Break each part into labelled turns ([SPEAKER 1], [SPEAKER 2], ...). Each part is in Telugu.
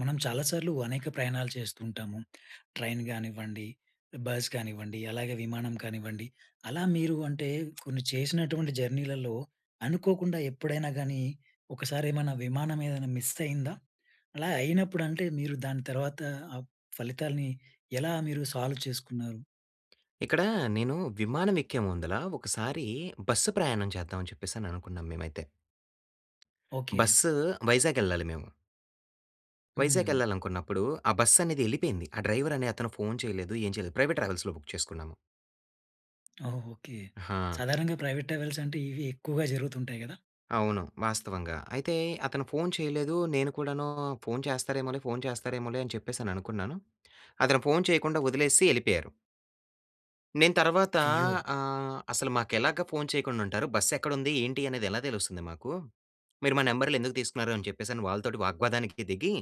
[SPEAKER 1] మనం చాలాసార్లు అనేక ప్రయాణాలు చేస్తూ ఉంటాము. ట్రైన్ గానివ్వండి, బస్ గానివ్వండి, అలాగే విమానం కానివ్వండి, అలా మీరు అంటే కొన్ని చేసినటువంటి జర్నీలలో అనుకోకుండా ఎప్పుడైనా గానీ, ఒకసారి ఏమైనా విమానం ఏదైనా మిస్ అయిందా? అలా అయినప్పుడు అంటే, మీరు దాని తర్వాత ఆ ఫలితాల్ని ఎలా మీరు సాల్వ్ చేసుకున్నారు?
[SPEAKER 2] ఇక్కడ నేను, విమానం ఎక్కే ముందుల ఒకసారి బస్సు ప్రయాణం చేద్దాం అని చెప్పేసి అనుకున్నాం మేమైతే.
[SPEAKER 1] ఓకె.
[SPEAKER 2] బస్సు వైజాగ్ ఎళ్ళాలి మేము... వైజాగ్
[SPEAKER 1] హ్మ్.
[SPEAKER 2] ఎళ్ళాలనుకున్నప్పుడు ఆ బస్ అనేది ఎళ్ళిపోయింది. ఆ డ్రైవర్ అనే అతను ఫోన్ చేయలేదు, ఏం చేయలేదు. ప్రైవేట్ ట్రావెల్స్‌లొ బుక్ చేసుకున్నాము.
[SPEAKER 1] ఓహ్! ఓకె.
[SPEAKER 2] ఆ!
[SPEAKER 1] సాధారణంగా ప్రైవేట్ ట్రావెల్స్ అంటే, ఇవి ఎక్కువగా జరుగుతుంటాయి కదా!
[SPEAKER 2] అవును. వాస్తవంగా! అయితే అతను ఫోన్ చేయలేదు. నేను కూడాను ఫోన్ చేస్తారేమోలే! ఫోన్ చేస్తారేమోలే! అని చెప్పేసి అనుకున్నాను. అతను ఫోన్ చేయకుండా వదిలేసిసి ఎళ్ళిపోయారు... నేను తర్వాత
[SPEAKER 1] అయ్యో!
[SPEAKER 2] ఆహ్, "అసలు మాకు ఎలాగా ఫోన్ చేయకుండా ఉంటారు. బస్ ఎక్కడుంది ఏంటి అనేది ఎలా తెలుస్తుంది మాకు, మీరు మా నంబర్లు ఎందుకు తీసుకున్నారు," అని చెప్పేసి వాళ్ళతోటి వాగ్వాదానికి దిగి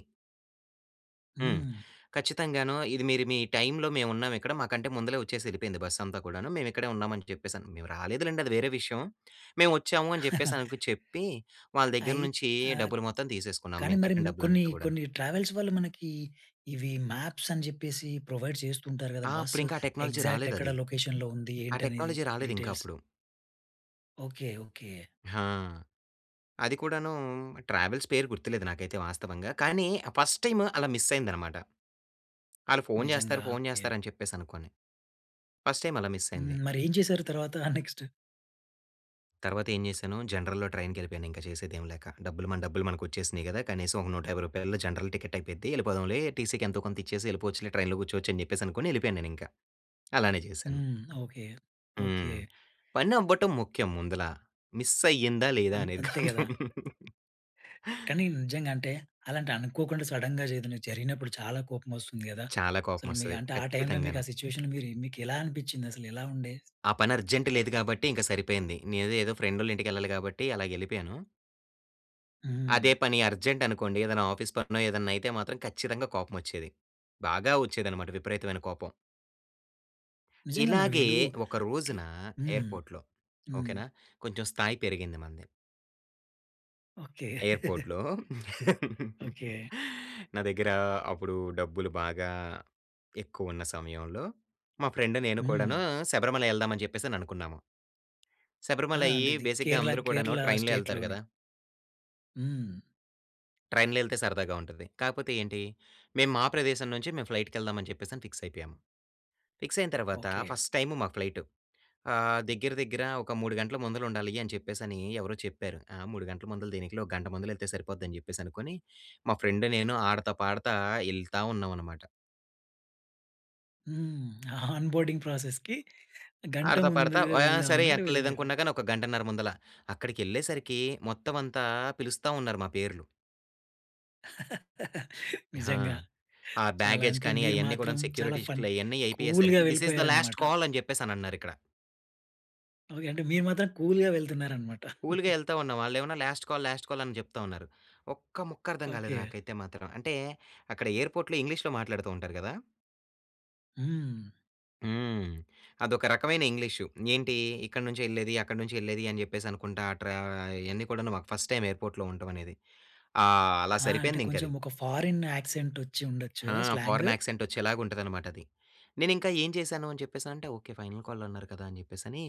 [SPEAKER 2] హ్మ్.
[SPEAKER 1] హ్మ్.
[SPEAKER 2] ఖచ్చితంగానో, "ఇది మీరు మీ టైమ్‌లో మేము ఉన్నాము ఇక్కడ, మాకంటే ముందలే వచ్చేసెళ్ళిపోయింది బస్ అంతా కూడాను. మేము ఇక్కడే ఉన్నాం అని చెప్పేసి." మేము రాలేదు లెండి, అది వేరే విషయం. "మేము వచ్చాము," అని చెప్పేసి అనకు చెప్పి, వాళ్ళ దగ్గర
[SPEAKER 1] అయిత్
[SPEAKER 2] నుంచి,
[SPEAKER 1] ఆహ్,
[SPEAKER 2] డబ్బులు మొత్తం తీసేసుకున్నాం.
[SPEAKER 1] కానీ,
[SPEAKER 2] మేము
[SPEAKER 1] మరి
[SPEAKER 2] కట్టిన
[SPEAKER 1] కొన్ని,
[SPEAKER 2] డబ్బులంతా కూడాను.
[SPEAKER 1] కొన్ని ట్రావెల్స్ వాళ్ళు మనకి ఇవి, మాప్స్ అని చెప్పేసి, ప్రొవైడ్ చేస్తుంటారు గదా!
[SPEAKER 2] ఆ! అప్పుడు
[SPEAKER 1] బస్సు
[SPEAKER 2] ఇంకా ఆ టెక్నాలజీ
[SPEAKER 1] ఎగ్జాక్ట్ ఎక్కడ
[SPEAKER 2] రాలేదది.
[SPEAKER 1] లొకేషన్‌లో ఉంది,
[SPEAKER 2] ఆ
[SPEAKER 1] ఏంటి అనేది
[SPEAKER 2] టెక్నాలజీ రాలేదింకా
[SPEAKER 1] డీటెయిల్స్.
[SPEAKER 2] అప్పుడు.
[SPEAKER 1] ఓకే. ఓకే.
[SPEAKER 2] ఆ! అది కూడాను, ట్రావెల్స్ పేరు గుర్తులేదు నాకైతే వాస్తవంగా. కానీ, ఫస్ట్ టైమ్ అలా మిస్ అయిందన్నమాట. ఆళ్లు ఫోన్
[SPEAKER 1] నిజంగా.
[SPEAKER 2] చేస్తారు, ఫోన్
[SPEAKER 1] ఓకే.
[SPEAKER 2] చేస్తారు, అని చెప్పేసి అనుకోని. ఫస్ట్ టైమ్ అలా మిస్
[SPEAKER 1] హ్మ్.
[SPEAKER 2] అయింది.
[SPEAKER 1] మరి ఏం చేసారు తర్వాత నెక్స్ట్?
[SPEAKER 2] తర్వాత ఏం చేశాను జనరల్‌లో ట్రైన్‌కి వెళ్ళిపోయాను, ఇంక చేసేదేమి లేక. డబ్బులు, మన డబ్బులు మనకు వచ్చేసినాయి గదా! కనీసం ఒక, రూ. 150 జనరల్ టికెట్ అయిపోద్ది వెళ్ళిపోదాంలే, టీసీకి ఎంతో కొంత ఇచ్చేసి వెళ్ళిపోవచ్చులే, ట్రైన్‌లో కూర్చోవచ్చు. అని చెప్పేసి అనుకోని, వెళ్ళిపోయాను నేనింకా. అలానే చేశాను.
[SPEAKER 1] హ్మ్. ఓకే. ఓకే.
[SPEAKER 2] హ్మ్. పని అవ్వటం ముఖ్యం ముందులా. మిస్ అయ్యిందా? లేదా?
[SPEAKER 1] అం
[SPEAKER 2] అనేది
[SPEAKER 1] అంతే
[SPEAKER 2] కాదు.
[SPEAKER 1] గదా! కానీ, నిజంగాంటే, అలాంటి అనుకోకుండా సడెన్‌గా ఏదైనా జరిగినప్పుడు, చాలా కోపం వస్తుంది గదా!
[SPEAKER 2] చాలా కోపం
[SPEAKER 1] అసలు మీకు,
[SPEAKER 2] వస్తది.
[SPEAKER 1] అంటే, ఆ టైమ్‌లో మీకు
[SPEAKER 2] ఖచ్చితంగాను.
[SPEAKER 1] ఆ సిట్యుయేషన్ మీరు మీకు ఎలా అనిపించింది అసలు, ఎలా ఉండే?
[SPEAKER 2] ఆ పని అర్జెంట్ లేదు గాబట్టి, ఇంక సరిపోయింది. నేను ఏదో, ఫ్రెండోళ్ళ ఇంటికి వెళ్ళాలి గాబట్టి, అలాగ వెళ్ళిపోయాను.
[SPEAKER 1] హ్మ్.
[SPEAKER 2] అదే పని అర్జెంటనుకోండి. ఏదైనా ఆఫీస్పనో ఏదైనా అయితే, మాత్రం ఖచ్చితంగా కోపం వచ్చేది. బాగా వచ్చేదన్నమాట, విపరీతమైన కోపం...
[SPEAKER 1] నిజంగా మరి
[SPEAKER 2] ఇలాగే
[SPEAKER 1] వీళ్ళు
[SPEAKER 2] ఒక
[SPEAKER 1] అట్లా
[SPEAKER 2] రోజునా
[SPEAKER 1] హ్మ్.
[SPEAKER 2] ఎయిర్పోర్ట్‌లో. ఓకే
[SPEAKER 1] హ్మ్.
[SPEAKER 2] నా! కొంచెం స్థాయి పెరిగింది మనది...
[SPEAKER 1] ఓకె.
[SPEAKER 2] ఎయిర్పోర్ట్‌లో
[SPEAKER 1] ఓకె.
[SPEAKER 2] నా దగ్గర అప్పుడు, డబ్బులు బాగా ఎక్కువ ఉన్న సమయంలో, మా ఫ్రెండ్ నేను
[SPEAKER 1] హ్మ్.
[SPEAKER 2] కూడాను శబరిమలై ఎళ్దాం అని చెప్పేసననుకున్నాము...
[SPEAKER 1] ఆ!
[SPEAKER 2] శబరిమలై
[SPEAKER 1] అంటే ఇది
[SPEAKER 2] బేసిక్‌గా
[SPEAKER 1] కేరళ
[SPEAKER 2] అందరూ కూడాను
[SPEAKER 1] కేరళ
[SPEAKER 2] ట్రైన్‌లో ఎళ్తారు
[SPEAKER 1] స్టేట్‌లోనే.
[SPEAKER 2] కదా...
[SPEAKER 1] హ్మ్.
[SPEAKER 2] ట్రైన్‌లో ఎళ్తే సరదాగా ఉంటది. కాకపోతే ఏంటి. మేము మా ప్రదేశం నుంచి మేము ఫ్లైట్‌కెళ్దామని చెప్పేసి అని ఫిక్సైయిపోయాము. ఫిక్సైన తర్వాత
[SPEAKER 1] ఓకె.
[SPEAKER 2] ఫస్ట్ టైము మా ఫ్లైటు ఆహ్, దగ్గర, దగ్గర ఒక 3 గంటల ముందులుండాలి అని చెప్పేసని ఎవరో చెప్పారు. ఆహ్, 3 గంటల ముందల దేనికిలే, ఒక గంట ముందుల ఎళ్తే సరిపోద్దని చెప్పేసి అనుకోని, మా ఫ్రెండ్ నేను ఆడతా, పాడతా ఎళ్తా ఉన్నాం అన్నమాట.
[SPEAKER 1] హ్మ్. ఆ ఆన్ బోర్డింగ్ ప్రాసెస్‌కి గంట
[SPEAKER 2] ఆడతా, పాడతా
[SPEAKER 1] ముందుగా
[SPEAKER 2] ఓహ్! ఆహ్,
[SPEAKER 1] వెళ్దాం
[SPEAKER 2] సరే! ఎంత
[SPEAKER 1] అనుకునట్టుగా వెళ్లారు.
[SPEAKER 2] లేదనుకున్నా గాని ఒక 1:30 ముందల అక్కడికేళ్ళేసరికి, మొత్తం అంతా పిలుస్తా ఉన్నారు మా పేర్లు. హా!
[SPEAKER 1] నిజంగా.
[SPEAKER 2] ఆ
[SPEAKER 1] చాలా
[SPEAKER 2] బ్యాగేజ్
[SPEAKER 1] అంటే,
[SPEAKER 2] కానీ
[SPEAKER 1] మీరు
[SPEAKER 2] అయన్నీ కూడా
[SPEAKER 1] మాత్రం చాలా
[SPEAKER 2] సెక్యూరిటీ
[SPEAKER 1] ఫన్
[SPEAKER 2] [unintelligible] అయన్నీ
[SPEAKER 1] కూల్‌గా
[SPEAKER 2] అయిపోయేసరికి "దిస్ ఈస్ ద లాస్ట్
[SPEAKER 1] వెళ్ళిపోయారనమాట.
[SPEAKER 2] కాల్!" అని చెప్పేసి అన్నారిక్కడ.
[SPEAKER 1] ఓకె. అంటే, మీరు మాత్రం కూల్‌గా వెళ్తున్నారనమాట.
[SPEAKER 2] కూల్‌గా ఎళ్తా ఉన్న, వాళ్ళు ఏమోని "లాస్ట్ కాల్, లాస్ట్ కాల్" అని చెప్తా ఉన్నారు. ఒక్క ముక్క అర్థం కాలేదు
[SPEAKER 1] ఓకె.
[SPEAKER 2] నాకైతే మాత్రం. అంటే, అక్కడ ఎయిర్‌పోర్ట్‌లో ఇంగ్లీష్‌లో మాట్లాడుతూ ఉంటారు కదా!
[SPEAKER 1] హ్మ్.
[SPEAKER 2] హ్మ్. అదొక రకమైన ఇంగ్లీషు. ఏంటి, ఇక్కడి నుంచి ఎళ్ళేది, అక్కడి నుంచి వెళ్ళేది అని చెప్పేసి అనుకుంటా ఆ ట్ర ఆహ్, ఇయన్నీ కూడా మాకు ఫస్ట్ టైమ్ ఎయిర్‌పోర్ట్‌‌లో ఉండటం అనేది. ఆహ్, అలా
[SPEAKER 1] ఆ! అంటే
[SPEAKER 2] సరిపోయింది ఇంక
[SPEAKER 1] కొంచెం,
[SPEAKER 2] అది.
[SPEAKER 1] ఒక ఫారెన్ యాక్సెంట్ వచ్చి ఉండొచ్చు
[SPEAKER 2] హా!
[SPEAKER 1] కదా! స్లాంగ్.
[SPEAKER 2] ఫారెన్ యాక్సెంట్ వచ్చేలాగా ఉంటది అన్నమాట అది. నేను ఇంకా ఏం చేశాను అని చెప్పేసని అంటే, ఓకె ఫైనల్ కాల్ అన్నారు కదా! అని చెప్పేసని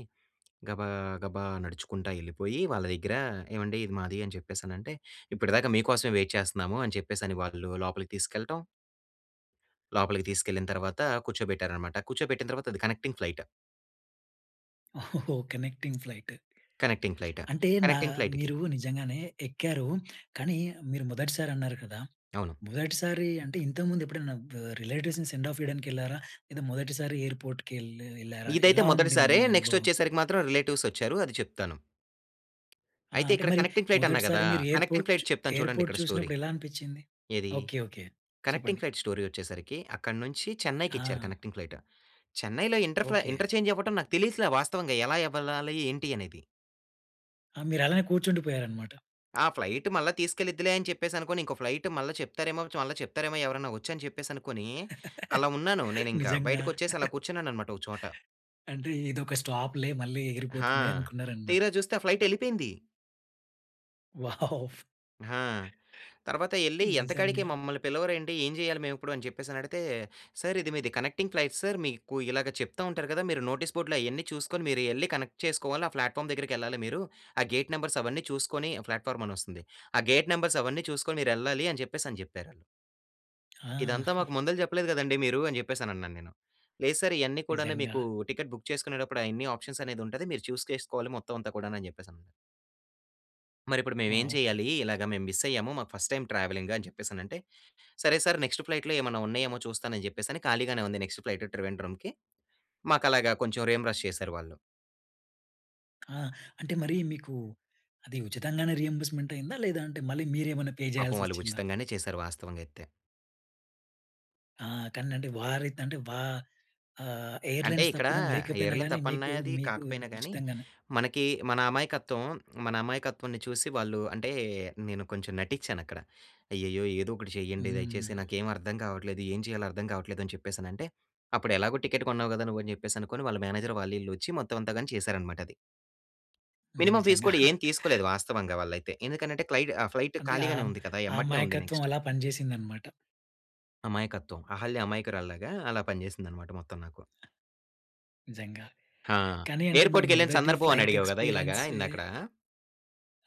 [SPEAKER 2] గబా, గబా నడుచుకుంటా ఎళ్ళిపోయి, వాళ్ళ దగ్గర ఏవండీ ఇది మాది అని చెప్పేసి అనంటే, "ఇప్పటిదాకా మీకోసమే వెయిట్ చేస్తున్నాము" అని చెప్పేసి అని వాళ్ళు లోపలికి తీసుకెళ్ళటం. లోపలికి తీసుకెళ్ళిన తర్వాత, కూర్చోబెట్టారన్నమాట. కూర్చోబెట్టిన తర్వాత అది కనెక్టింగ్ ఫ్లయిట్.
[SPEAKER 1] ఓహోహో! Connecting flight.
[SPEAKER 2] Connecting flight.
[SPEAKER 1] అంటే నా
[SPEAKER 2] కనెక్టింగ్ ఫ్లయిట్‌కి
[SPEAKER 1] మీరు నిజంగానే ఎక్కారు. కానీ, మీరు మొదటిసారి అన్నారు కదా!
[SPEAKER 2] అవును.
[SPEAKER 1] మొదటిసారి అంటే, ఇంతకుముందు ఎప్పుడైనా ఆహ్, రిలేటివ్స్‌ని సెండాఫ్ ఇవ్వడానికి ఎళ్లారా? లేదా మొదటిసారి ఎయిర్‌పోర్ట్‌కి ఎల్ ఎళ్లారా?
[SPEAKER 2] ఇదైతే
[SPEAKER 1] ఎలా ఉండింది,
[SPEAKER 2] మొదటిసారే.
[SPEAKER 1] మీ
[SPEAKER 2] నెక్స్ట్
[SPEAKER 1] అనుభవం?
[SPEAKER 2] వచ్చేసరికి మాత్రం రిలేటివ్స్ వచ్చారు అది చెప్తాను.
[SPEAKER 1] ఆహ్,
[SPEAKER 2] అయితే
[SPEAKER 1] అంటే
[SPEAKER 2] ఇక్కడ
[SPEAKER 1] మరి,
[SPEAKER 2] కనెక్టింగ్ ఫ్లయిట్ అన్నా కదా!
[SPEAKER 1] మొదటిసారి మీరు
[SPEAKER 2] కనెక్టింగ్
[SPEAKER 1] ఎయిర్‌పోర్ట్‌
[SPEAKER 2] ఫ్లయిట్
[SPEAKER 1] చు
[SPEAKER 2] చెప్తాను చూడండి
[SPEAKER 1] ఎయిర్‌పోర్ట్‌
[SPEAKER 2] ఇక్కడ స్టోరీ.
[SPEAKER 1] చూసినప్పుడు ఎలా అనిపించింది?
[SPEAKER 2] ఏది?
[SPEAKER 1] Okay, okay.
[SPEAKER 2] కనెక్టింగ్
[SPEAKER 1] చెప్పండి.
[SPEAKER 2] ఫ్లయిట్ స్టోరీ వచ్చేసరికి, అక్కడి నుంచి చెన్నైకి ఇచ్చారు
[SPEAKER 1] ఆ!
[SPEAKER 2] Connecting flight. చెన్నైలో ఇంటర్ఫ్రా
[SPEAKER 1] ఓకె.
[SPEAKER 2] ఇంటర్చేంజ్ అవ్వటం నాకు తెలియట్ల వాస్తవంగా, ఎలా వెళ్ళాలి ఏంటి అనేది.
[SPEAKER 1] ఆ! మీరలానే కూర్చుండిపోయారు అన్నమాట.
[SPEAKER 2] ఆ! ఫ్లయిట్ మళ్ళా తీసుకెళ్ళిద్దిలే అని చెప్పేసి అనుకోని, ఇంకో ఫ్లయిట్ మళ్ళా చెప్తారేమో, మళ్ళా చెప్తారేమో ఎవరైనా వచ్చి అని చెప్పేసనుకోని, అలా ఉన్నాను నేను, ఇంకా
[SPEAKER 1] నిజంగా.
[SPEAKER 2] బయటకొచ్చేసి అలా కూర్చున్నాను అన్నమాట ఒక చోట.
[SPEAKER 1] అంటే ఇదొక స్టాప్‌లే మళ్ళీ
[SPEAKER 2] హా!
[SPEAKER 1] ఎగిరిపోతుంది అనుకున్నారన్నమాట.
[SPEAKER 2] తీరా చూస్తే ఆ ఫ్లయిట్ ఎళ్ళిపోయింది.
[SPEAKER 1] వావ్!
[SPEAKER 2] హా! తర్వాత ఎళ్లి ఎంతకాడికి
[SPEAKER 1] నిజంగా.
[SPEAKER 2] మమ్మల్ని పిలవరేంటి? ఏం చేయాలి మేము ఇప్పుడు? అని చెప్పేసని అడిగితే "సార్ ఇది మీది కనెక్టింగ్ ఫ్లయిట్ సార్, మీకు ఇలాగ చెప్తూ ఉంటారు కదా! మీరు నోటీస్ బోర్డ్‌లో అయన్నీ చూసుకొని మీరు ఎళ్లి కనెక్ట్ చేసుకోవాలి. ఆ ప్లాట్‌ఫామ్ దగ్గరికి ఎళ్ళాలి మీరు. ఆ గేట్ నెంబర్స్ అవన్నీ చూసుకొని", ప్లాట్ఫామ్ అని వస్తుంది. "ఆ! గేట్ నంబర్స్ అవన్నీ చూసుకొని మీరు ఎళ్ళాలి" అని చెప్పేసని చెప్పారాళ్ళు.
[SPEAKER 1] ఆ!
[SPEAKER 2] ఇదంతా మాకు ముందల చెప్పలేదు కదండీ మీరు, అని చెప్పేసనన్నాను నేను. "లేదు సర్ ఇయన్నీ కూడాను
[SPEAKER 1] నిజంగా.
[SPEAKER 2] మీకు టికెట్ బుక్ చేసుకునేటప్పుడు అయన్ని ఆప్షన్ అనేది ఉంటది. మీరు చూజ్ చేసుకోవాలి మొత్తం అంతా కూడా" అని చెప్పేసనన్నారు... మరిప్పుడు మేము ఏం
[SPEAKER 1] వావ్!
[SPEAKER 2] చెయ్యాలి? ఇలాగ మేము మిస్ అయ్యాము. మాకు ఫస్ట్ టైమ్ ట్రావెలింగ్ అని చెప్పేసనంటే. "సరే సార్ నెక్స్ట్ ఫ్లయిట్‌లో ఏమైనా ఉన్నాయేమో చూస్తాను". అని చెప్పేసని ఖాళీగానే ఉంది నెక్స్ట్ ఫ్లయిట్‌ ట్రివేండ్రంకి, మాకు అలాగా కొంచెం రీయింబర్స్ చేసారు వాళ్ళు.
[SPEAKER 1] ఆ! అంటే మరి మీకు, అది ఉచితంగానే రీయింబర్స్‌మెంట్ అయిందా? లేదా అంటే మళ్ళీ మీరేమైనా పే
[SPEAKER 2] పాపం వాళ్ళు
[SPEAKER 1] చేయాలసొచ్చిందా?
[SPEAKER 2] ఉచితంగానే చేశారు వాస్తవంగా అయితే.
[SPEAKER 1] ఆ! కానీ అండి వారి త్ అంటే వా ఆహ్,
[SPEAKER 2] అంటే
[SPEAKER 1] ఎయిర్‌లై‌న్స్
[SPEAKER 2] ఇక్కడ
[SPEAKER 1] తప్పిదం లేకపోయినా
[SPEAKER 2] ఎయిర్‌లై‌న్
[SPEAKER 1] గాని మీకు
[SPEAKER 2] తప్పన్నాది
[SPEAKER 1] మీకు
[SPEAKER 2] కాకపోయినా కానీ,
[SPEAKER 1] ఉచితంగానే
[SPEAKER 2] మనకి మన అమాయకత్వం, మన అమాయకత్వాన్ని చూసి వాళ్ళు అంటే నేను కొంచెం నటించాను అక్కడ. అయ్యయ్యో! ఏదో ఒకటి చేయండి దయచేసి
[SPEAKER 1] హ్మ్.
[SPEAKER 2] నాకేమి అర్థం కావట్లేదు. ఏం చేయాలో అర్థం కావట్లేదు అని చెప్పేసి అనంటే, అప్పుడు ఎలాగో టికెట్ కొన్నావు కదా నువ్వు, అని చెప్పేసి అనుకోని వాళ్ళ మేనేజర్ వాళ్ళ ఈల్లు వచ్చి మొత్తం అంతా గాని చేశారనమాట అది.
[SPEAKER 1] హ్మ్,
[SPEAKER 2] మినిమం ఫీస్
[SPEAKER 1] నిజంగా.
[SPEAKER 2] కూడా ఏమి తీసుకోలేదు వాస్తవంగా వాళ్ళైతే. ఎందుకనంటే క్లైడ్ ఆహ్, ఫ్లైట్
[SPEAKER 1] అంటే
[SPEAKER 2] ఖాళీగానే
[SPEAKER 1] ఆహ్,
[SPEAKER 2] ఉంది కదా!
[SPEAKER 1] ఆ
[SPEAKER 2] ఎమ్మటినే ఉంది
[SPEAKER 1] అమాయకత్వం
[SPEAKER 2] నెక్స్ట్.
[SPEAKER 1] అలా పనిచేసిందన్నమాట.
[SPEAKER 2] అమాయకత్వం. అహల్య అమాయకురాలులాగా! అలా పనిచేసిందన్నమాట మొత్తం నాకు.
[SPEAKER 1] నిజంగా.
[SPEAKER 2] హా!
[SPEAKER 1] కానీ అంటే మీ
[SPEAKER 2] ఎయిర్పోర్ట్‌కి ఎళ్ళిన
[SPEAKER 1] మొదటి
[SPEAKER 2] సందర్భం అని
[SPEAKER 1] ఫ్లైట్
[SPEAKER 2] అడిగావు కదా! ఇలాగా
[SPEAKER 1] ఎక్స్‌‌పిరియన్సే
[SPEAKER 2] ఇందాకడ.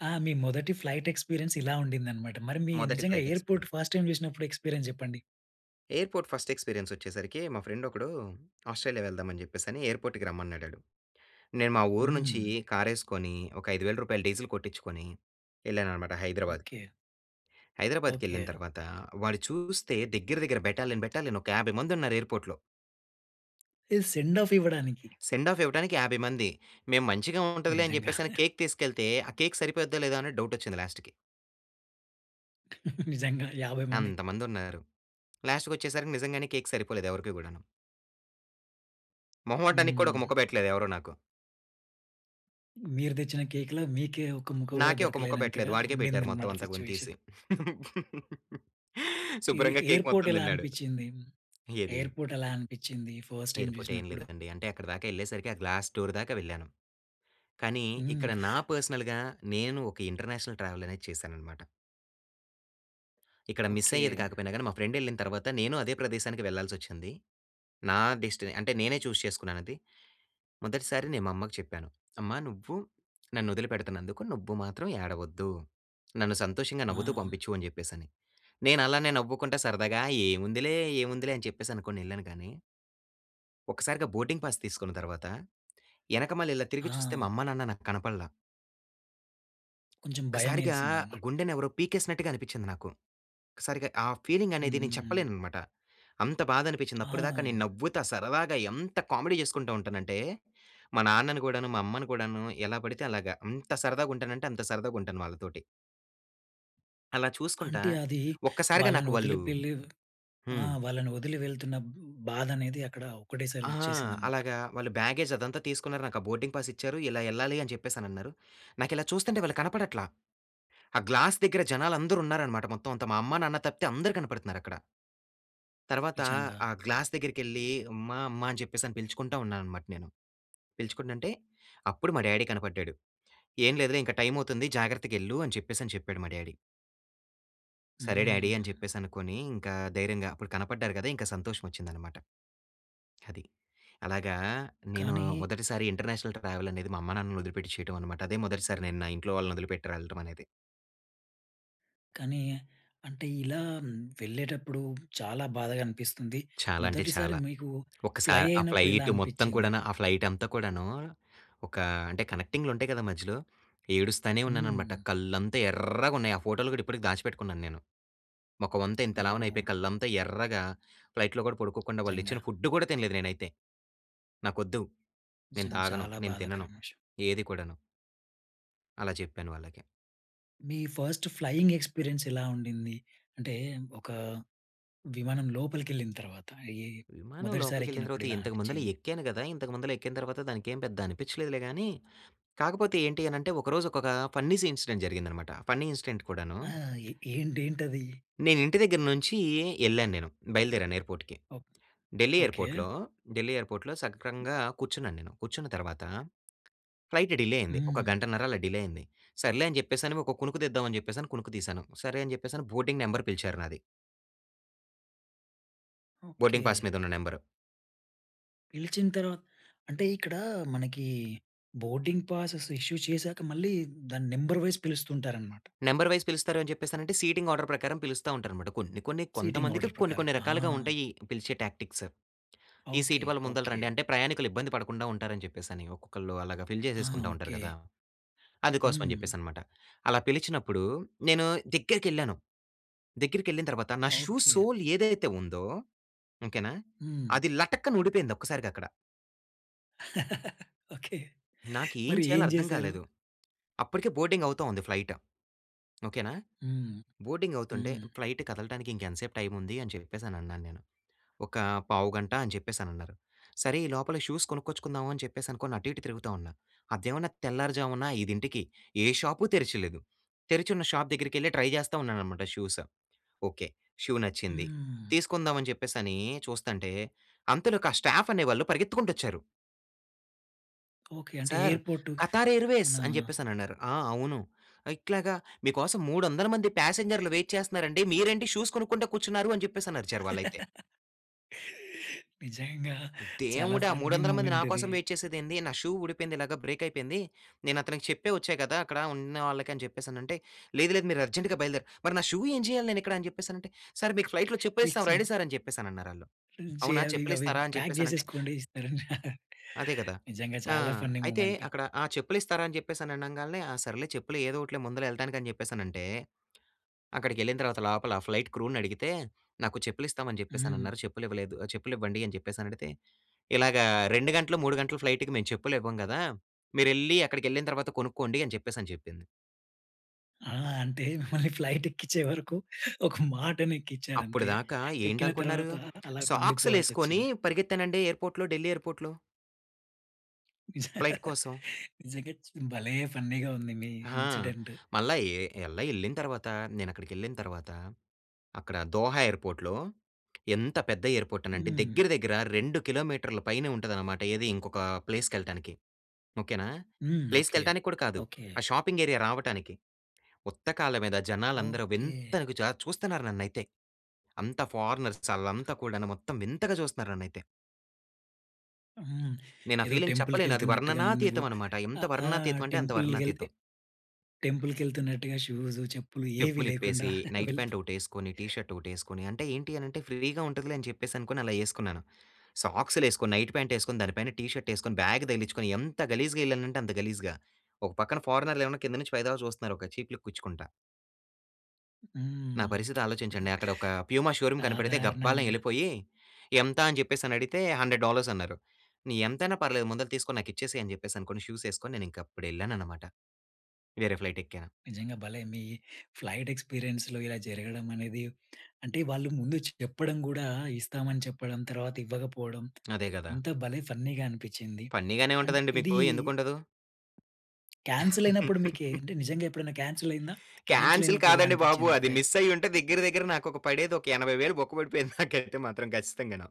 [SPEAKER 1] ఆ! మీ మొదటి ఫ్లైట్ ఎక్స్‌పిరియన్స్ ఇలా ఉండిందన్నమాట. మరి మీ
[SPEAKER 2] మొదటి
[SPEAKER 1] నిజంగా
[SPEAKER 2] flight
[SPEAKER 1] airport
[SPEAKER 2] experience
[SPEAKER 1] first time చూసినప్పుడు ఎక్స్‌పి‌రియన్స్ చెప్పండి?
[SPEAKER 2] ఎయిర్పోర్ట్ ఫస్ట్ ఎక్స్పీరియన్స్ వచ్చేసరికి మా ఫ్రెండ్ ఒకడు ఆస్ట్రేలియా వెళ్దాం అని చెప్పేసి ఎయిర్పోర్ట్‌కి రమ్మన్నాడాడు. నేను మా ఊరు నుంచి
[SPEAKER 1] హ్మ్.
[SPEAKER 2] కారేసుకొని ఒక రూ. 5,000 డీజిల్ కొట్టించుకొని ఎళ్ళానన్నమాట హైదరాబాద్‌కు...
[SPEAKER 1] ఓకే.
[SPEAKER 2] హైదరాబాద్‌కెళ్ళిన
[SPEAKER 1] ఓకే.
[SPEAKER 2] తర్వాత వాడు చూస్తే దగ్గర దగ్గర బెటాలియన్ బెటాలియన్ ఒక 50 మంది ఉన్నారు ఎయిర్పోర్ట్‌లో.
[SPEAKER 1] [unintelligible] సెండ్ ఆఫ్ ఇవ్వడానికి?
[SPEAKER 2] సెండ్ ఆఫ్ ఇవ్వటానికి 50 మంది. మేము మంచిగా ఉంటదిలే అని
[SPEAKER 1] నిజంగా.
[SPEAKER 2] చెప్పేసి, కేక్ తీసుకెళ్తే ఆ కేక్ సరిపోద్దా లేదా అని డౌట్ వచ్చింది లాస్ట్‌కి.
[SPEAKER 1] నిజంగా 50 మందికి.
[SPEAKER 2] అంతమంది ఉన్నారు. లాస్ట్‌కి వచ్చేసరికి నిజంగానే కేక్ సరిపోలేదు, ఎవరికీ కూడాను. మొహమాటానికి కూడా ఒక
[SPEAKER 1] హ్మ్.
[SPEAKER 2] ముక్క పెట్టలేదు, ఎవరూ నాకు.
[SPEAKER 1] మీరు తెచ్చిన కేక్‌ల, మీకే ఒక ముక్క కూడా
[SPEAKER 2] నాకే, ఒక ముక్క పెట్టలేదు.
[SPEAKER 1] దొరకలేనంతగా
[SPEAKER 2] వాడికే
[SPEAKER 1] ఉండింది
[SPEAKER 2] పెట్టారు మొత్తం
[SPEAKER 1] అన్నమాట
[SPEAKER 2] అంతా [unintelligible]
[SPEAKER 1] సిట్యుయేషన్.
[SPEAKER 2] తీసి.
[SPEAKER 1] ఎ
[SPEAKER 2] శుభ్రంగా కేక్
[SPEAKER 1] ఎయిర్‌పోర్ట్
[SPEAKER 2] మొత్తం
[SPEAKER 1] ఎలా
[SPEAKER 2] తిన్నాడు.
[SPEAKER 1] అనిపించింది?
[SPEAKER 2] ఏది?
[SPEAKER 1] ఎయిర్‌పోర్ట్ ఎలా అనిపించింది, ఫస్ట్ టైమ్
[SPEAKER 2] ఎయిర్‌పోర్ట్ ఏం
[SPEAKER 1] చూసినప్పుడు?
[SPEAKER 2] లేదండి. అంటే, అక్కడి దాకా ఎళ్ళేసరికి ఆ గ్లాస్ డోర్ దాకా వెళ్ళాను. కానీ,
[SPEAKER 1] హ్మ్.
[SPEAKER 2] ఇక్కడ నా పర్సనల్‌గ నేను ఒక ఇంటర్నేషనల్ ట్రావెల్ అనేది చేశానన్నమాట. ఇక్కడ మిస్
[SPEAKER 1] ఓకే.
[SPEAKER 2] అయ్యేది కాకపోయినా గాని మా ఫ్రెండ్ ఎళ్ళిన తర్వాత, నేను అదే ప్రదేశానికి వెళ్లాల్సోచ్చింది. నా డెస్టీని అంటే, నేనే చూజ్ చేసుకున్నాను అది. మొదటిసారి, నేను మా అమ్మకు చెప్పాను. అమ్మా, నువ్వు నన్ను వదిలిపెడుతున్నందుకు, నువ్వు మాత్రం ఏడవద్దు. నన్ను సంతోషంగా నవ్వుతూ
[SPEAKER 1] ఆ!
[SPEAKER 2] పంపించు అని చెప్పేసి అని. నేను అలానే నవ్వుకుంటే సరదాగా ఏముందిలే, ఏముందిలే అని చెప్పేసి అనుకోని ఎళ్ళాను కానీ... ఒక్కసారిగా బోర్డింగ్ పాస్ తీసుకున్న తర్వాత, ఎనకమాల ఇలా తిరిగి చూస్తే మా
[SPEAKER 1] ఆ!
[SPEAKER 2] అమ్మా, నాన్న నాకు కనపడల.
[SPEAKER 1] కొంచెం భయం
[SPEAKER 2] ఒక్కసారిగా,
[SPEAKER 1] ఏసింది అన్నమాట.
[SPEAKER 2] గుండెని ఎవరో పీకేసినట్టుగా అనిపించింది నాకు. ఒక్కసారిగా ఆ ఫీలింగ్ అనేది నేను
[SPEAKER 1] హ్మ్.
[SPEAKER 2] చెప్పలేనన్నమాట. అంత బాధ అనిపించింది. అప్పటిదాకా నేను
[SPEAKER 1] ఆ!
[SPEAKER 2] నవ్వుతా సరదాగా ఎంత కామెడీ చేసుకుంటూ ఉంటాను అంటే, మా నాన్నను కూడాను, మా అమ్మను కూడాను ఎలా పడితే అలాగ, ఎంత సరదాగా ఉంటానంటే, అంత సరదాగా ఉంటాను వాళ్ళతోటి. అలా చూసుకుంటా,
[SPEAKER 1] అంటే అది,
[SPEAKER 2] ఒక్కసారిగా
[SPEAKER 1] వాళ్ళని
[SPEAKER 2] నాకు
[SPEAKER 1] వదిలి
[SPEAKER 2] వాళ్ళు
[SPEAKER 1] పెట్టి ఆ!
[SPEAKER 2] హ్మ్.
[SPEAKER 1] వాళ్ళని వదిలి వెళ్తున్న బాధ అనేది, అక్కడ ఒక్కటే సారి
[SPEAKER 2] ఆ!
[SPEAKER 1] వచ్చేసిందన్నమాట.
[SPEAKER 2] అలాగా వాళ్ళు బ్యాగేజ్ అదంతా తీసుకున్నారు. నాకు ఆ బోర్డింగ్ పాస్ ఇచ్చారు. ఇలా ఎళ్ళాలి అని చెప్పేసి అని అన్నారు. నాకు ఇలా చూస్తుంటే వాళ్ళు కనపడట్ల. ఆ గ్లాస్ దగ్గర జనాలందరూ ఉన్నారన్నమాట, మొత్తం అంతా. మా అమ్మ నాన్న తప్పితే అందరు కనపడుతున్నారు అక్కడ. తర్వాత
[SPEAKER 1] నిజంగా.
[SPEAKER 2] ఆ గ్లాస్ దగ్గరికెళ్లి, అమ్మా అమ్మా అని చెప్పేసి అని పిలుచుకుంటా ఉన్నాను అన్నమాట నేను. పిలుచుకుంటుంటే అప్పుడు మా డ్యాడీ కనపడ్డాడు. ఏం లేదులే ఇంక టైమ్ అవుతుంది, జాగ్రత్తగెళ్ళు అని చెప్పేసి అని చెప్పాడు, మా డ్యాడీ. సరే డాడీ అని
[SPEAKER 1] హ్మ్.
[SPEAKER 2] చెప్పేసి అనుకోని, ఇంకా ధైర్యంగా అప్పుడు కనపడ్డారు కదా! ఇంకా సంతోషం వచ్చిందన్నమాట. అది. అలాగా, నేను
[SPEAKER 1] కానీ
[SPEAKER 2] మొదటిసారి ఇంటర్నేషనల్ ట్రావెల్ అనేది, మా అమ్మా నాన్నని వదిలిపెట్టి చేయడం అన్నమాట. అదే మొదటిసారి నేను నా ఇంట్లో వాళ్ళని వదిలిపెట్టి ఎళ్ళటం అనేది.
[SPEAKER 1] కానీ అంటే ఇలా వెళ్ళేటప్పుడు చాలా బాధగనిపిస్తుంది.
[SPEAKER 2] చాలా అంటే
[SPEAKER 1] మొదటిసారి
[SPEAKER 2] చాలా.
[SPEAKER 1] మీకు ఫ్లై
[SPEAKER 2] ఒకసారి ఆ
[SPEAKER 1] అయినప్పుడు ఎలా
[SPEAKER 2] ఫ్లయిట్ మొత్తం
[SPEAKER 1] అనిపిచ్చింది?
[SPEAKER 2] కూడాను, ఆ ఫ్లైట్ అంతా కూడాను, ఒక అంటే కనెక్టింగ్‌లు ఉంటాయి కదా మధ్యలో. ఏడుస్థానే ఉన్నానన్నమాట.
[SPEAKER 1] హ్మ్.
[SPEAKER 2] కళ్ళంతా ఎర్రగా ఉన్నాయి ఆ ఫోటోలు కూడా ఇప్పటికి దాచిపెట్టుకున్నాను నేను. మొఖమంతా ఇంత లావున అయిపోయి,
[SPEAKER 1] ఓహ్!
[SPEAKER 2] కళ్ళంతా ఎర్రగా ఫ్లయిట్‌లో గూడా పడుకోకుండా వాళ్ళు
[SPEAKER 1] నిజంగా.
[SPEAKER 2] ఇచ్చిన ఫుడ్ కూడా తినలేదు నేనైతే. నాకొద్దు. నేను
[SPEAKER 1] నిజంగా
[SPEAKER 2] తాగను,
[SPEAKER 1] చాలా
[SPEAKER 2] నేను తినను,
[SPEAKER 1] బాధాకరమైన విషయం.
[SPEAKER 2] ఏది కూడను... అలా చెప్పాను వాళ్ళకి.
[SPEAKER 1] మీ ఫస్ట్ ఫ్లయింగ్ ఎక్స్పీరియన్స్ ఎలా ఉండింది? అంటే ఒక విమానం లోపలికెళ్ళిన తర్వాత, ఈ
[SPEAKER 2] విమానం
[SPEAKER 1] మొదటిసారి
[SPEAKER 2] లోపలికి వెళ్ళిన
[SPEAKER 1] ఎక్కినప్పుడు
[SPEAKER 2] తర్వాత
[SPEAKER 1] ఇలా
[SPEAKER 2] ఇంతకు ముందు
[SPEAKER 1] అనిపించింది?
[SPEAKER 2] ఎక్కాను గదా! ఇంతకు ముందు ఎక్కిన తర్వాత దానికేం పెద్ద అనిపించలేదు గానీ, కాకపోతే ఏంటి అని అంటే ఒకరోజు ఒక ఫన్నీ ఇన్సిడెంట్ జరిగిందనమాట. ఫన్నీ ఇన్సిడెంట్ కూడాను
[SPEAKER 1] ఆ! ఏంటేంటది?
[SPEAKER 2] నేను ఇంటి దగ్గర నుంచి ఎళ్ళాను నేను. బయలుదేరాను ఎయిర్‌పోర్ట్‌కి. ఢిల్లీ
[SPEAKER 1] ఓకే.
[SPEAKER 2] ఎయిర్‌పోర్ట్‌లో, ఢిల్లీ ఎయిర్‌పోర్ట్‌లో సక్రమంగా కూర్చున్నాను నేను. కూర్చున్న తర్వాత ఫ్లయిట్ డిలే అయింది. ఒక
[SPEAKER 1] హ్మ్.
[SPEAKER 2] గంటన్నర అలా డిలే అయింది. సర్లే అని చెప్పేసి అని ఒక కునుకు తీద్దాం అని చెప్పేసి కునుకు తీశాను. సరే అని చెప్పేసి బోర్డింగ్ నెంబర్ పిలిచారు నాది. Boarding pass
[SPEAKER 1] okay.
[SPEAKER 2] మీద ఉన్న నెంబరు.
[SPEAKER 1] పిలిచిన తర్వాత అంటే, ఇక్కడ మనకి బోర్డింగ్ పాసె‌స్ ఇష్యూ చేసాక, మళ్ళీ దాన్ని నంబర్ వైస్ పిలుస్తుంటారన్నమాట.
[SPEAKER 2] నంబర్ వైస్ పిలుస్తారు అని చెప్పేసనంటే, సీటింగ్ ఆర్డర్ ప్రకారం పిలుస్తా ఉంటారన్నమాట. కొన్ని, కొన్ని
[SPEAKER 1] సిటింగ్
[SPEAKER 2] కొంతమందికి
[SPEAKER 1] ఆర్డర్
[SPEAKER 2] కొన్ని,
[SPEAKER 1] ప్రకారం.
[SPEAKER 2] కొన్ని
[SPEAKER 1] ఆ!
[SPEAKER 2] రకాలుగా ఉంటాయి, పిలిచే టాక్టిక్స్. ఈ
[SPEAKER 1] ఓకే.
[SPEAKER 2] సీట్ వాళ్ళు ముందల
[SPEAKER 1] ఓకే.
[SPEAKER 2] రండి అంటే, ప్రయాణికులు ఇబ్బంది పడకుండా ఉంటారని చెప్పేసి, ఒక్కొక్కళ్ళు అలాగా ఫిల్
[SPEAKER 1] ఆహా!
[SPEAKER 2] చేసేసుకుంటా ఉంటారు
[SPEAKER 1] ఓకే.
[SPEAKER 2] కదా! అందుకోసం అని
[SPEAKER 1] హ్మ్.
[SPEAKER 2] చెప్పేసి అన్నమాట. అలా పిలిచినప్పుడు నేను దగ్గరికెళ్ళాను. దగ్గరికెళ్ళిన తర్వాత నా షూ
[SPEAKER 1] ఓకే.
[SPEAKER 2] సోల్ ఏదైతే ఉందో, ఓకే నా,
[SPEAKER 1] హ్మ్.
[SPEAKER 2] అది లటక్కని ఊడిపోయింది, ఒక్కసారిగా అక్కడ!
[SPEAKER 1] ఓకే.
[SPEAKER 2] నాకు ఏం
[SPEAKER 1] మరి
[SPEAKER 2] చేయాలో
[SPEAKER 1] ఏం
[SPEAKER 2] అర్థం
[SPEAKER 1] చేశారు?
[SPEAKER 2] కాలేదు. అప్పటికే బోర్డింగ్ అవుతా ఉంది ఫ్లయిట్. ఓకే నా.
[SPEAKER 1] హ్మ్.
[SPEAKER 2] బోర్డింగ్ అవుతుంటే,
[SPEAKER 1] హ్మ్.
[SPEAKER 2] ఫ్లైట్ కదలటానికి, "ఇంక ఎంతసేపు టైమ్ ఉంది," అని చెప్పేసి అని అన్నాను నేను. "ఒక పావుగంట" అని చెప్పేసని అన్నారు. సరే, ఈ లోపల షూస్ కొనుక్కొచ్చుకుందాం అని చెప్పేసి అనుకోని అటు ఇటు తిరుగుతూ ఉన్నా. అదేమన్నా తెల్లారుజామున 5 ఇంటికి ఏ షాపు తెరిచలేదు. తెరిచున్న షాప్ దగ్గరికెళ్లి ట్రై చేస్తా ఉన్నానన్నమాట షూస్. ఓకే, షూ నచ్చింది
[SPEAKER 1] హ్మ్.
[SPEAKER 2] తీసుకుందాం, అని చెప్పేసి అని చూస్తుంటే, అంతలోకి ఆ స్టాఫ్ అనే వాళ్ళు పరిగెత్తుకుంటూ వచ్చారు.
[SPEAKER 1] ఓకే. అంటే
[SPEAKER 2] "సార్
[SPEAKER 1] ఎయిర్పోర్టు,
[SPEAKER 2] ఖతార్ ఎయిర్వేస్"
[SPEAKER 1] మన
[SPEAKER 2] అని చెప్పేసి, అనన్నారు. ఆ! అవును. ఇట్లాగ "మీకోసం 300 మంది పాసెంజర్లు వెయిట్ చేస్తున్నారండి. మీరేంటి షూస్ కొనుక్కుంట కూర్చున్నారు" అని చెప్పేసని అర్చారు వాళ్ళైతే.
[SPEAKER 1] నిజంగా చాలా
[SPEAKER 2] "దేవుడా!
[SPEAKER 1] ఫన్నీ
[SPEAKER 2] మూడొందల మంది
[SPEAKER 1] మూమెంట్ ఇది.
[SPEAKER 2] నాకోసం వెయిట్ చేసేది ఏంది? నా షూ ఊడిపోయింది. ఇలాగ బ్రేక్ అయిపోయింది. నేను అతనికి చెప్పే వచ్చా కదా! అక్కడ ఉన్నవాళ్ళకి" అని చెప్పేసి అనంటే. "లేదు, లేదు మీరు అర్జెంట్‌గా బయలుదేర మరి నా షూ ఎం చేయాలి, నేనిక్కడ?" అని చెప్పేసి అనంటే, "సర్ మీకు ఫ్లైట్‌లో చెప్పు ఏశాం.
[SPEAKER 1] లీక్స్‌గ్
[SPEAKER 2] రండి సార్" అని చెప్పేసి, అనన్నారు ఆళ్లు.
[SPEAKER 1] చే
[SPEAKER 2] "అవునా
[SPEAKER 1] అవి, ఇగవి
[SPEAKER 2] చెప్పులిస్తారా?" అని
[SPEAKER 1] ప్యాక్
[SPEAKER 2] చెప్పేసి అనంటే
[SPEAKER 1] చేసేసుకోండి ఇస్తరని
[SPEAKER 2] అదే కదా!
[SPEAKER 1] నిజంగా
[SPEAKER 2] ఆ!
[SPEAKER 1] చాలా ఫన్నీ
[SPEAKER 2] అయితే
[SPEAKER 1] మూమెంట్.
[SPEAKER 2] అక్కడ "ఆ! చెప్పులు ఇస్తారా?" అని చెప్పేసి అనంగాల్నే ఆ! సర్లే! చెప్పులు ఏదోకటిలే ముందుల వెళ్ళటానికి అని చెప్పేసనంటే. అక్కడికెళ్ళిన తర్వాత లోపల ఆ ఫ్లైట్ క్రూని అడిగితే, "నాకు చెప్పులు ఇస్తామని చెప్పేసి
[SPEAKER 1] హ్మ్.
[SPEAKER 2] అనన్నారు. చెప్పులు ఇవ్వలేదు. ఆహ్, చెప్పులు ఇవ్వండి." అని చెప్పేసి అని అడిగితే, "ఇలాగ 2 గంటలు, 3 గంటలు ఫ్లైట్‌కి మేము చెప్పులు ఇవ్వం కదా! మీరెళ్ళి, అక్కడికెళ్ళిన తర్వాత కొనుక్కోండి" అని చెప్పేసి అని చెప్పింది.
[SPEAKER 1] ఆ! అంటే, మిమ్మల్ని ఫ్లైట్ ఎక్కిచ్చే వరకు, ఒక
[SPEAKER 2] అప్పడు
[SPEAKER 1] మాటనేక్కిచ్చారంతే.
[SPEAKER 2] దాకా
[SPEAKER 1] ఎక్కిన
[SPEAKER 2] ఏంటనుకుంటున్నారు?
[SPEAKER 1] తర్వాత అలాగుండిపోవాల్సి
[SPEAKER 2] సాక్సు‌లేవేసుకొని
[SPEAKER 1] వచ్చింది.
[SPEAKER 2] పరిగెత్తానండి, ఎయిర్పోర్ట్‌లో ఢిల్లీ ఎయిర్పోర్ట్‌లో. ఫ్లైట్ కోసం.
[SPEAKER 1] నిజంగా చ్ భలే! ఫన్నీగా ఉంది, మీ
[SPEAKER 2] ఆ!
[SPEAKER 1] ఇన్సిడెంట్.
[SPEAKER 2] మళ్ళా ఏ ఎల్ల వెళ్ళిన తర్వాత, నేను అక్కడికెళ్ళిన తర్వాత, అక్కడ దోహా ఎయిర్పోర్ట్‌లో, ఎంత పెద్ద ఎయిర్పోర్టనంటే,
[SPEAKER 1] హ్మ్.
[SPEAKER 2] దగ్గర దగ్గర 2 కిలోమీటర్ల పైనే ఉంటదనమాట. ఏది ఇంకొక ప్లేస్‌కేళ్ళటానికి. ఓకే నా!
[SPEAKER 1] హ్మ్. ఓకె.
[SPEAKER 2] ప్లేస్‌కేళ్ళటానికి కూడా కాదు.
[SPEAKER 1] ఓకె.
[SPEAKER 2] ఆ షాపింగ్ ఏరియా రావటానికి. ఉత్తకాల్ల మీద, జనాలందరూ
[SPEAKER 1] ఓకె.
[SPEAKER 2] వింతగా జా చూస్తున్నారు నన్నైతే. అంతా ఫారనర్స్ ఆల్లంతా కూడాను, మొత్తం వింతగా చూస్తున్నారు నన్నైతే.
[SPEAKER 1] హ్మ్.
[SPEAKER 2] నేను ఆ
[SPEAKER 1] ఏదో
[SPEAKER 2] ఫీలింగ్
[SPEAKER 1] టెంపుల్‌కి
[SPEAKER 2] చెప్పలేను. అది
[SPEAKER 1] వెళ్తున్నట్టుగా నువ్వు
[SPEAKER 2] వర్ణనాతీతం అన్నమాట. ఎంత
[SPEAKER 1] ఆహ్, ఆ!
[SPEAKER 2] వర్ణనాతీతం అంటే, అంత
[SPEAKER 1] టెంపుల్‌కి వెళ్తే,
[SPEAKER 2] వర్ణనాతీతం.
[SPEAKER 1] టెంపుల్‌కి వెళ్తున్నట్టుగా షూస్, చెప్పులు ఏవి
[SPEAKER 2] చెప్పులు
[SPEAKER 1] లేకుండా,
[SPEAKER 2] ఇప్పేసి, నైట్
[SPEAKER 1] వెళ్తూ
[SPEAKER 2] పాంట్ ఒకటి వేసుకొని, టీ షర్ట్ ఒకటి వేసుకొని, అంటే ఏంటి అని అంటే ఫ్రీగా ఉంటదిలే అని చెప్పేసి అనుకోని అలా వేసుకున్నాను. సాక్స్‌లు వేసుకొని, నైట్ పాంట్ వేసుకొని దానిపైన టీ షర్ట్ వేసుకొని బ్యాగ్ తగిలించుకొని, ఎంత గలీజ్‌గా వెళ్ళానంటే అంత గలీజ్‌గా. ఒక పక్కన ఫారినర్‌లు ఏమోన కింద నుంచి పైదాకా చూస్తున్నారు. ఒక చీప్ లుక్ ఇచ్చుకుంటా. నా
[SPEAKER 1] హ్మ్.
[SPEAKER 2] పరిస్థితి ఆలోచించండి. అక్కడ ఒక ప్యూమా షోరూం కనిపెడితే గబ్బాల
[SPEAKER 1] సాధారణంగా
[SPEAKER 2] వెళ్ళిపోయి, ఎంత అని చెప్పేసి అడిగితే, $ 100 అన్నారు. నీ ఎంతైనా పర్లేదు, ముందుల తీసుకొని నాకు ఇచ్చేసేయి, అని చెప్పేసి అనుకోని, షూస్ వేసుకొని నేను ఇంక అప్పుడు వెళ్ళానన్నమాట. వేరే ఫ్లైట్ ఎక్కాను.
[SPEAKER 1] నిజంగా, భలే మీ ఫ్లైట్ ఎక్స్పీరియన్స్‌లో ఇలా జరగడం అనేది, అంటే వాళ్ళు ముందు చెప్పడం కూడా, ఇస్తామని చెప్పడం, తర్వాత ఇవ్వకపోవడం.
[SPEAKER 2] అదే కదా!
[SPEAKER 1] ఎంత భలే ఫన్నీగా అనిపించింది.
[SPEAKER 2] ఫన్నీ‌గానే
[SPEAKER 1] అండ్
[SPEAKER 2] ఉంటదండి
[SPEAKER 1] ఇది...
[SPEAKER 2] మీకు, ఎందుకు ఉండదు?
[SPEAKER 1] క్యాన్సిల్ అయినప్పుడు మీకు అంటే నిజంగా ఎప్పుడైనా క్యాన్సిల్ అయిందా? క్యాన్సిల్
[SPEAKER 2] క్యాన్సిల్
[SPEAKER 1] అయినప్పుడు ఎలా
[SPEAKER 2] కాదండి బాబు.
[SPEAKER 1] అనిపించింది,
[SPEAKER 2] అది
[SPEAKER 1] ఫైల్?
[SPEAKER 2] మిస్ అయ్యుంటే దగ్గర, దగ్గర నాకు ఒక పడేది ఒక 80,000 బొక్క పడిపోయేది, నాకైతే మాత్రం ఖచ్చితంగాను.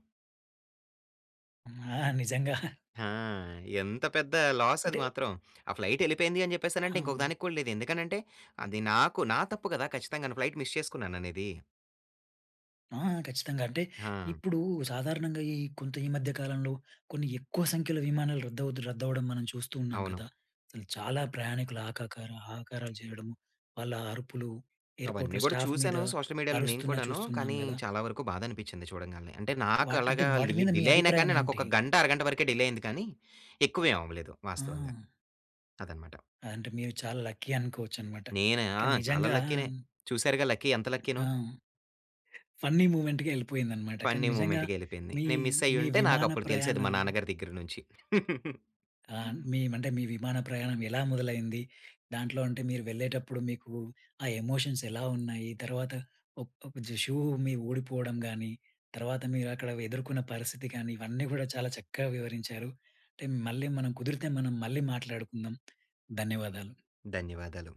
[SPEAKER 1] ఆ! నిజంగా.
[SPEAKER 2] ఆ! ఎంత పెద్ద లాస్ అది
[SPEAKER 1] అంటే
[SPEAKER 2] మాత్రం. ఆ ఫ్లైట్ వెళ్ళిపోయింది అని చెప్పేసానంటే,
[SPEAKER 1] అవును.
[SPEAKER 2] ఇంకొకదానికి కూడా లేదు. ఎందుకనంటే, అది నాకు నా తప్పు కదా ఖచ్చితంగాను, ఫ్లైట్ మిస్ చేసుకున్నాననేది.
[SPEAKER 1] ఆ! ఖచ్చితంగా. అంటే,
[SPEAKER 2] ఆ!
[SPEAKER 1] ఇప్పుడు సాధారణంగా ఈ కొంత ఈ మధ్య కాలంలో, కొన్ని ఎక్కువ సంఖ్యలో విమానాలు రద్దవుతు, రద్దవడం మనం చూస్తూ ఉన్నాం
[SPEAKER 2] అవును.
[SPEAKER 1] కదా! అసలు చాలా ప్రయాణికులు ఆకాకలు, ఆకారాలు చేయడము. వాళ్ళ అరుపులు
[SPEAKER 2] అవన్నీ
[SPEAKER 1] ఎయిర్‌పోర్ట్‌లో
[SPEAKER 2] కూడా
[SPEAKER 1] స్టాఫ్ మీద
[SPEAKER 2] చూసాను. సోషల్ మీడియాలో నేను
[SPEAKER 1] అరుస్తున్న
[SPEAKER 2] కూడాను.
[SPEAKER 1] చూస్తున్నాం
[SPEAKER 2] కానీ,
[SPEAKER 1] కదా!
[SPEAKER 2] చాలా వరకు బాధ అనిపించింది చూడంగానే. అంటే నాకు
[SPEAKER 1] వాటి అంటే,
[SPEAKER 2] అలాగా
[SPEAKER 1] వాటి
[SPEAKER 2] లి
[SPEAKER 1] మీద మీ
[SPEAKER 2] డిలే అయినా
[SPEAKER 1] అభిప్రాయం
[SPEAKER 2] కానీ నాకు
[SPEAKER 1] ఏంటి?
[SPEAKER 2] ఒక గంట, అరగంట వరకే డిలే అయింది కానీ, ఎక్కువ ఏమి అవ్వలేదు వాస్తవంగా.
[SPEAKER 1] హ్మ్.
[SPEAKER 2] అదనమాట.
[SPEAKER 1] అంటే, మీరు చాలా లక్కీ అనుకోవచ్చన్నమాట.
[SPEAKER 2] నేనా ఆ!
[SPEAKER 1] కానీ
[SPEAKER 2] చాలా
[SPEAKER 1] నిజంగా
[SPEAKER 2] లక్కీ‌నే. చూసారుగా లక్కీ, ఎంత లక్కీనో.
[SPEAKER 1] ఆ! ఫన్నీ మూవ్‌మెంట్‌గా వెళ్ళిపోయిందనమాట. కానీ,
[SPEAKER 2] ఫన్నీ
[SPEAKER 1] నిజంగా
[SPEAKER 2] మూమెంట్‌గా వెళ్ళిపోయింది.
[SPEAKER 1] మీ
[SPEAKER 2] నేను మిస్
[SPEAKER 1] మీ
[SPEAKER 2] అయ్యుంటే నాకు
[SPEAKER 1] విమాన
[SPEAKER 2] అప్పుడు తెలిసేది, మా
[SPEAKER 1] ప్రయాణాలు
[SPEAKER 2] నాన్నగారి దగ్గర నుంచి.
[SPEAKER 1] ఆ! మీ అంటే, మీ విమాన ప్రయాణం ఎలా మొదలైంది? దాంట్లో అంటే మీరు వెళ్ళేటప్పుడు మీకు ఆ ఎమోషన్స్ ఎలా ఉన్నాయి? తర్వాత ఒక ఒక షూ మీ ఉడిపోవడం కానీ, తర్వాత మీరు అక్కడ ఎదుర్కొన్న పరిస్థితి కానీ, ఇవన్నీ కూడా చాలా చక్కగా వివరించారు. అంటే మళ్ళీ మనం కుదిరితే, మనం మళ్ళీ మాట్లాడుకుందాం. ధన్యవాదాలు.
[SPEAKER 2] ధన్యవాదాలు.